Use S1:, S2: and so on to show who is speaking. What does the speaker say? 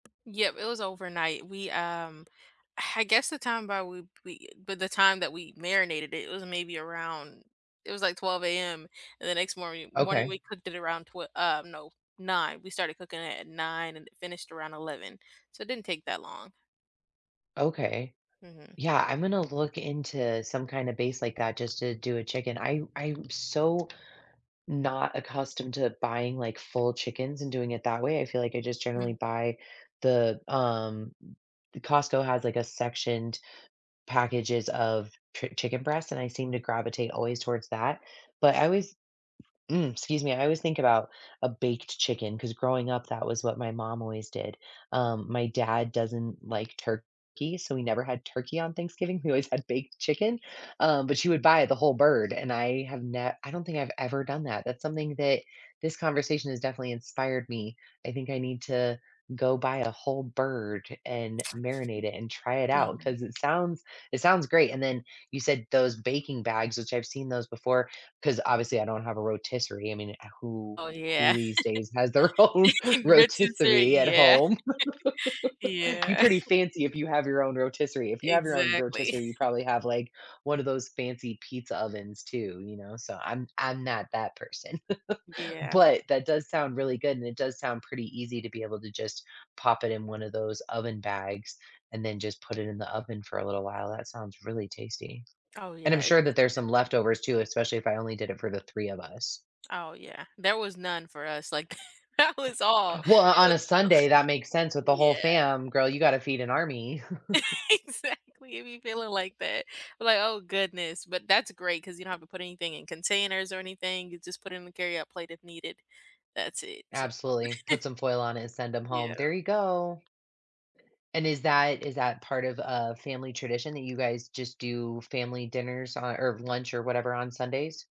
S1: Yep, it was overnight. We, um I guess the time by we p we but the time that we marinated it, it was maybe around it was, like, 12:00 AM, and the next morni morning,
S2: Okay.
S1: we cooked it around, twe um, no, 9:00, we started cooking it at 9:00 and it finished around 11:00, so it didn't take that long.
S2: Okay.
S1: Mhm.
S2: Yeah, I'm gonna look into some kinda base, like, uh, just to do a chicken. I'm I'm so not accustomed to buying, like, full chickens and doing it that way. I feel like I just generally
S1: Mhm.
S2: buy the, um The Costco has, like, a sectioned packages of chi chicken breast, and I seem to gravitate always towards that, but I always Mm, excuse me. I always think about a baked chicken, 'cause growing up, that was what my mom always did, um, my dad doesn't like turkey, so we never had turkey on Thanksgiving, we always had baked chicken, um, but she would buy the whole bird, and I have ne I don't think I've ever done that. That's something that this conversation has definitely inspired me. I think I need to go buy a whole bird and marinate it and try it out,
S1: Mhm.
S2: 'cause it sounds it sounds great, and then you said those baking bags, which I've seen those before, 'cause obviously, I don't have a rotisserie I mean, ah, who
S1: Oh,
S2: who
S1: yeah.
S2: these days has their own
S1: Rich and say
S2: rotisserie at
S1: Yeah.
S2: home? You
S1: Yeah.
S2: pretty fancy if you have your own rotisserie. If you have your own
S1: Exactly.
S2: rotisserie, you probably have, like, one of those fancy pizza ovens too, you know? So I'm I'm not that person,
S1: Yeah.
S2: but that does sound really good, and it does sound pretty easy to be able to just pop it in one of those oven bags and then just put it in the oven for a little while. That sounds really tasty,
S1: Oh,
S2: and I'm
S1: yeah. It's
S2: sure that there's
S1: i
S2: some leftovers too, especially if I only did it for the 3 of us.
S1: Oh, yeah. There was none for us, like, that was all.
S2: Well, o
S1: It
S2: on
S1: was
S2: a Sunday,
S1: [unintelligible]
S2: that makes sense with the whole
S1: Yeah.
S2: fam. Girl, you gotta feed an army.
S1: Exactly. It be feeling like that, like, oh goodness, but that's great 'cause you don't have to put anything in containers or anything, you just put it in the carryout plate if needed. That's it, so
S2: Absolutely. Put some foil on it and send them home. There
S1: Yeah.
S2: you go. And is that is that part of a family tradition that you guys just do family dinners on or lunch or whatever on Sundays?